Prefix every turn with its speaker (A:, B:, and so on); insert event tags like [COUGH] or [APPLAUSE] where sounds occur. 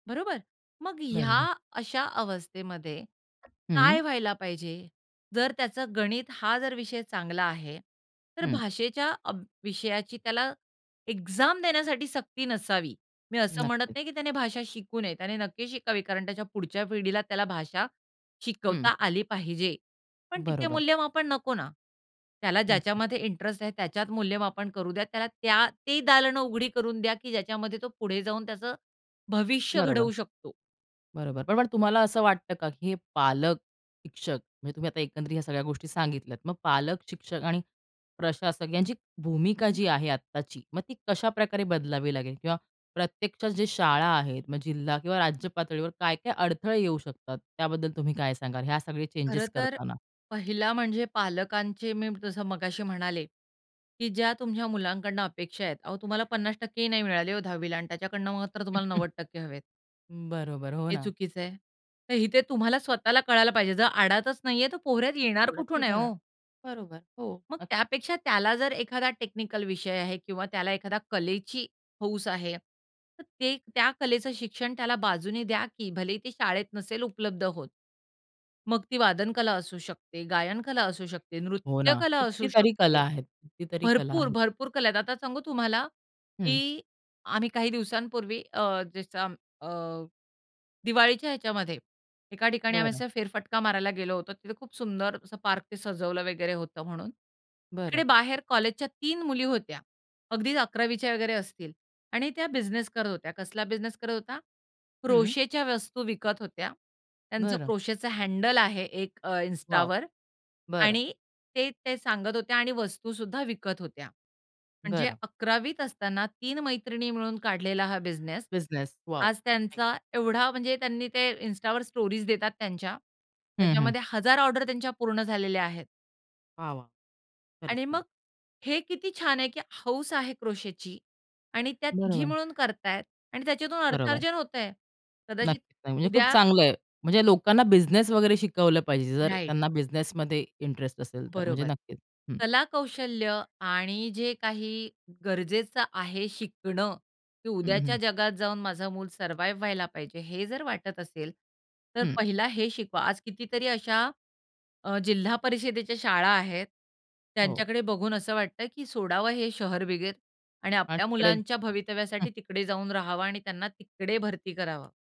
A: बरोबर. मग ह्या
B: बरोबर.
A: अशा अवस्थेमध्ये काय
B: हं.
A: व्हायला पाहिजे? जर त्याचा गणित हा जर विषय चांगला आहे, तर
B: हं.
A: भाषेच्या अभ विषयाची त्याला एक्झाम देण्यासाठी सक्ती नसावी. मी असं म्हणत
B: नक्कीच.
A: नाही की त्याने भाषा शिकू नये. त्याने नक्की शिकावी. कारण त्याच्या पुढच्या पिढीला त्याला भाषा
B: हं.
A: शिकवता आली पाहिजे. पण तिथे
B: बरोबर.
A: मूल्यमापन नको ना. त्याला
B: नक्कीच.
A: ज्याच्यामध्ये इंटरेस्ट आहे त्याच्यात मूल्यमापन करू द्या. त्याला त्या ती दालनं उघडी करून द्या की ज्याच्यामध्ये तो पुढे जाऊन त्याचं भविष्य
B: बरोबर.
A: घडवू शकतो.
B: बरोबर. पण मग तुम्हाला असं वाटतं का, की हे पालक, शिक्षक म्हणजे तुम्ही आता एकंदरीत ह्या सगळ्या गोष्टी सांगितल्यात. मग पालक, शिक्षक आणि प्रशासक यांची भूमिका जी आहे आत्ताची, मग ती कशाप्रकारे बदलावी लागेल किंवा प्रत्यक्षात जे शाळा आहेत मग जिल्हा किंवा राज्य पातळीवर काय-काय अडथळे येऊ शकतात? त्याबद्दल तुम्ही काय सांगाल? ह्या सगळे
A: खरं
B: चेंजेस
A: तर
B: करतांना.
A: पहिला म्हणजे पालकांचे मी जसं मगाशी म्हणाले, की ज्या तुमच्या मुलांकडनं अपेक्षा आहेत. अहो तुम्हाला 50% ही नाही मिळाले हो 10वीला आणि त्याच्याकडून मात्र तुम्हाला
B: [CHUCKLES]
A: 90% हवेत.
B: बरोबर. हो
A: हे
B: ना.
A: चुकीच आहे. तर इथे तुम्हाला स्वतःला कळायला पाहिजे. जर आडातच नाही आहे तर पोहऱ्यात येणार
B: पोहऱ्यात
A: कुठून आहे
B: कुठून,
A: हो.
B: बरोबर. हो
A: मग
B: नक्की.
A: त्यापेक्षा त्याला जर एखादा टेक्निकल विषय आहे किंवा त्याला एखाद्या कलेची हौस आहे तर ते त्या कलेचं शिक्षण त्याला बाजूने द्या की. भलेही ते शाळेत नसेल उपलब्ध होत. मग ती वादनकला असू शकते, गायनकला असू शकते,
B: हो ना.
A: नृत्यकला असू
B: कितीतरी कला
A: शकते.
B: आहेत, कितीतरी कला
A: भरपूर,
B: आहेत.
A: भरपूर कला आहेत. आता सांगू तुम्हाला,
B: हं.
A: की आम्ही काही दिवसांपूर्वी अ, जसं अ, दिवाळीच्या ह्याच्यामध्ये एका ठिकाणी आम्ही
B: बरं.
A: असा फेरफटका मारायला गेलो होतो. तिथे खूप सुंदर असं पार्क ते सजवलं वगैरे होतं म्हणून. तिकडे
B: बरं.
A: बाहेर कॉलेजच्या 3 मुली होत्या. अगदीच 11वीच्या वगैरे असतील आणि त्या बिझनेस करत होत्या. कसला बिझनेस करत होता?
B: हं.
A: क्रोशेच्या वस्तू विकत होत्या. त्यांचं
B: बरं.
A: क्रोशेचं हँडल आहे एक अ,
B: वॉव!
A: Instaवर
B: बरं.
A: आणि ते, ते सांगत होत्या आणि वस्तू सुद्धा विकत होत्या. म्हणजे
B: बरं.
A: 11 वीत असताना 3 मैत्रिणी मिळून काढलेला हा बिझनेस.
B: बिझनेस. वॉव!
A: आज
B: [UNINTELLIGIBLE]
A: त्यांचा एवढा म्हणजे त्यांनी ते Instaवर स्टोरीज देतात त्यांच्या.
B: हं, हं.
A: त्याच्यामध्ये 1000 ऑर्डर त्यांच्या पूर्ण झालेल्या आहेत.
B: वाह, वाह! खरंच
A: आणि मग
B: छान.
A: हे किती छान आहे, की हौस आहे क्रोशेची आणि त्या तिघी
B: बरोबर.
A: मिळून करत आहेत आणि त्याच्यातून
B: बरोबर.
A: अर्थाजन होतं आहे. कदाचित
B: नक्की. नाही म्हणजे खूप
A: उद्या
B: चांगलं आहे. म्हणजे लोकांना बिझनेस वगैरे शिकवलं पाहिजे जर
A: राइट.
B: त्यांना बिझनेस मध्ये इंटरेस्ट असेल तर. म्हणजे
A: बरोबर.
B: नक्कीच हं.
A: कलाकौशल्य आणि जे काही गरजेचं आहे शिकणं, की
B: हं, हं.
A: उद्याच्या जगात जाऊन माझं मूल सर्वाईव्ह व्हायला पाहिजे, हे जर वाटत असेल तर
B: हं.
A: पहिला हे शिकवा. आज कितीतरी अशा अ, जिल्हा परिषदेच्या शाळा आहेत.
B: हो.
A: त्यांच्याकडे बघून असं वाटतं, की सोडावं हे शहर वगैरे आणि
B: आणि
A: आपल्या
B: तिकडेचं.
A: मुलांच्या
B: हं.
A: भवितव्यासाठी तिकडे जाऊन राहावं आणि त्यांना तिकडे भरती करावं.